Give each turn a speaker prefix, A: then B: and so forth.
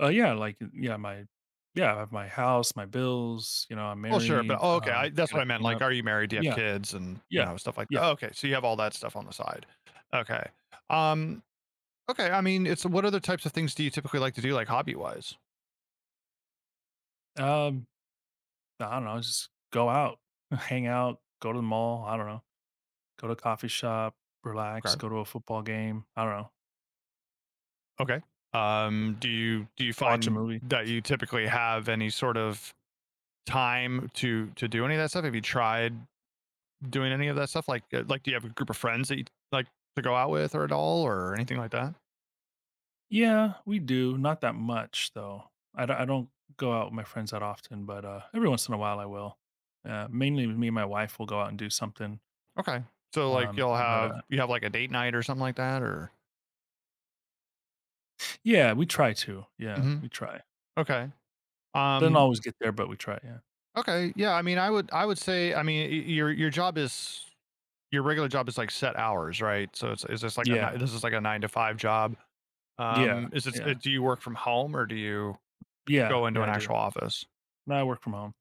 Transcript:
A: Uh, yeah, like, yeah, my, yeah, I have my house, my bills, you know, I'm
B: Well, sure, but
A: married,
B: oh okay, I
A: um,
B: that's
A: gotta
B: what I meant,
A: clean
B: like,
A: up.
B: are you married? Do you have
A: Yeah,
B: kids, and, you
A: yeah,
B: know, stuff like
A: yeah.
B: oh, okay, so you have all that stuff on the side. Okay. Um, okay, I mean, it's what other types of things do you typically like to do like hobby wise?
A: Um, I don't know, I just go out, hang out, go to the mall, I don't know. Go to a coffee shop, relax,
B: 'Kay.
A: go to a football game. I don't know.
B: Okay, um, do you do you
A: Watch a
B: find
A: movie.
B: that you typically have any sort of time to to do any of that stuff? Have you tried doing any of that stuff? Like, uh, like, do you have a group of friends that you like to go out with or at all, or anything like that?
A: Yeah, we do not that much though. I don't I don't go out with my friends that often, but uh, every once in a while I will. Uh, mainly me and my wife will go out and do something.
B: Okay, so like
A: Um,
B: you'll
A: but,
B: have
A: uh
B: you have like a date night or something like that, or?
A: Yeah, we try to. Yeah,
B: Mhm.
A: we try.
B: Okay.
A: Doesn't
B: Um
A: always get there, but we try, yeah.
B: Okay, yeah, I mean, I would I would say I mean, y your, your job is your regular job is like set hours, right? So, it's it's this like a,
A: Yeah.
B: ni this is like a nine-to-five job.
A: Yeah,
B: Um, is it so
A: yeah.
B: do you work from home or do you
A: Yeah,
B: go into
A: yeah,
B: an
A: I do.
B: actual office?
A: No, I work from home.